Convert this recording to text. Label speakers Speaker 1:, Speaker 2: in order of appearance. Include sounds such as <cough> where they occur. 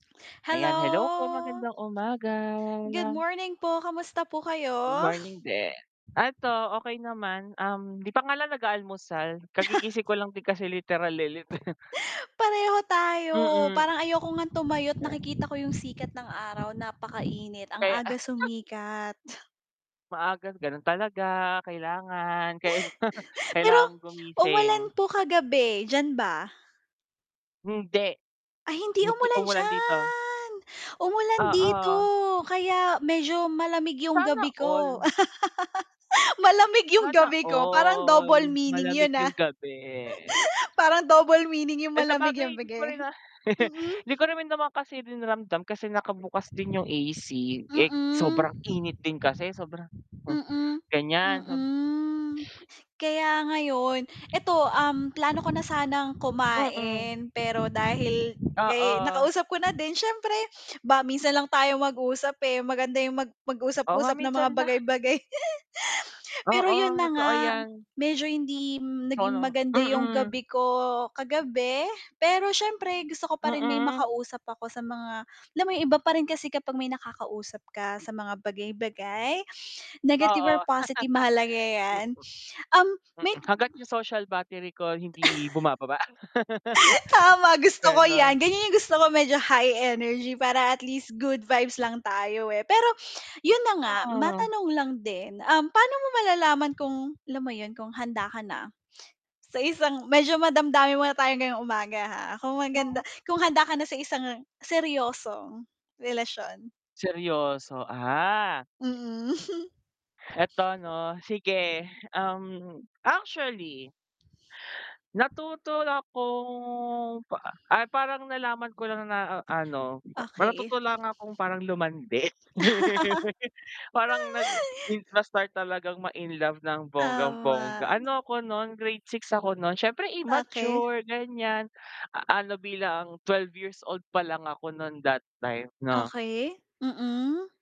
Speaker 1: Ayan, hello po
Speaker 2: Hello!
Speaker 1: magandang umaga!
Speaker 2: Good morning po! Kamusta po kayo?
Speaker 1: Good morning din. Eto okey naman, um, 'di pa nga lang nag-aalmusal
Speaker 2: <chuckles>
Speaker 1: kagigising ko lang din kasi literal, eh, lit <chuckles>
Speaker 2: <laughs> Pareho tayo
Speaker 1: Mm.
Speaker 2: parang ayoko nga tumayo't nakikita ko yung sikat ng araw napakainit ang
Speaker 1: Kaya
Speaker 2: aga
Speaker 1: <chuckles>
Speaker 2: sumikat.
Speaker 1: Maaga, gano'n talaga kailangan kaila <chuckles>
Speaker 2: <giggles> Pero,
Speaker 1: kailangang
Speaker 2: umulan
Speaker 1: gumising.
Speaker 2: po kagabi, diyan ba?
Speaker 1: Hindi
Speaker 2: Ay, hindi
Speaker 1: hindi
Speaker 2: umulan
Speaker 1: umulan dito.
Speaker 2: diyan! Umulan dito
Speaker 1: Oo.
Speaker 2: kaya medyo malamig yung
Speaker 1: Sana
Speaker 2: gabi
Speaker 1: all.
Speaker 2: ko. <laughs> Malamig yung
Speaker 1: Sana
Speaker 2: gabi ko parang
Speaker 1: all,
Speaker 2: double meaning
Speaker 1: malamig
Speaker 2: 'yun,
Speaker 1: yung
Speaker 2: ah.
Speaker 1: gabi.
Speaker 2: <giggles> Parang double meaning yung
Speaker 1: Eh,
Speaker 2: malamig yung
Speaker 1: sabagay hindi ko
Speaker 2: gabi.
Speaker 1: rin na <chuckles>
Speaker 2: Mm.
Speaker 1: 'di ko ri naman kasi din ramdam kasi nakabukas din yung AC, eh, sobrang
Speaker 2: Mm.
Speaker 1: init din kasi sobrang m
Speaker 2: Mm,
Speaker 1: gan'yan.
Speaker 2: mm. Kaya ngayon eto, um, plano ko na sanang
Speaker 1: Mm.
Speaker 2: kumain pero dahil kay
Speaker 1: Oo.
Speaker 2: nakausap ko na din siyempre <sniffs> 'ba minsan lang tayo mag-usap, eh, maganda yung mag
Speaker 1: Oo nga
Speaker 2: mag-usap-usap ng
Speaker 1: minsan
Speaker 2: mga
Speaker 1: la
Speaker 2: bagay-bagay. <chuckles> <sniffs> Pero 'yun
Speaker 1: Oo,
Speaker 2: na
Speaker 1: totoo
Speaker 2: nga,
Speaker 1: yan.
Speaker 2: medyo hindi
Speaker 1: So
Speaker 2: naging
Speaker 1: ano?
Speaker 2: maganda yung
Speaker 1: Mm.
Speaker 2: gabi ko kagabi pero siyempre gusto ko pa rin may
Speaker 1: Mm.
Speaker 2: makausap ako sa mga alam mo yung iba pa rin kasi kapag may nakakausap ka sa mga bagay-bagay, <sniffs> negative
Speaker 1: Oo.
Speaker 2: or positive mahalaga
Speaker 1: <laughs> Mm.
Speaker 2: yan, <sniffs> um, may
Speaker 1: Mm, hangga't yung social battery ko hindi bumababa. <chuckles>
Speaker 2: <chuckles> Tama gusto ko yan,
Speaker 1: Gano'n.
Speaker 2: ganyan yung gusto ko medyo high energy para at least good vibes lang tayo, eh. pero 'yun na nga
Speaker 1: Hmm.
Speaker 2: matanong lang din, um, paano mo malalaman kung alam mo 'yun, kung handa ka na sa isang medyo madamdamin muna tayong ngayong umaga, ha, kung
Speaker 1: Oo.
Speaker 2: maganda kung handa ka na sa isang seryosong relasyon?
Speaker 1: Seryoso, ah.
Speaker 2: Mm. <chuckles>
Speaker 1: Eto 'no, sige, um, actually natuto na kong pa ay, parang nalaman ko lang na ano ma
Speaker 2: Okey.
Speaker 1: natuto lang akong parang lumandi. <laughs> Parang nag
Speaker 2: <laughs>
Speaker 1: in na start talagang ma-in love ng bonggang-bongga,
Speaker 2: Tama.
Speaker 1: ano ako no'n grade 6 ako no'n, siyempre
Speaker 2: Okey.
Speaker 1: immature gan'yan, ano bilang 12 years old palang ako no'n that time, 'no.
Speaker 2: Okey, mm.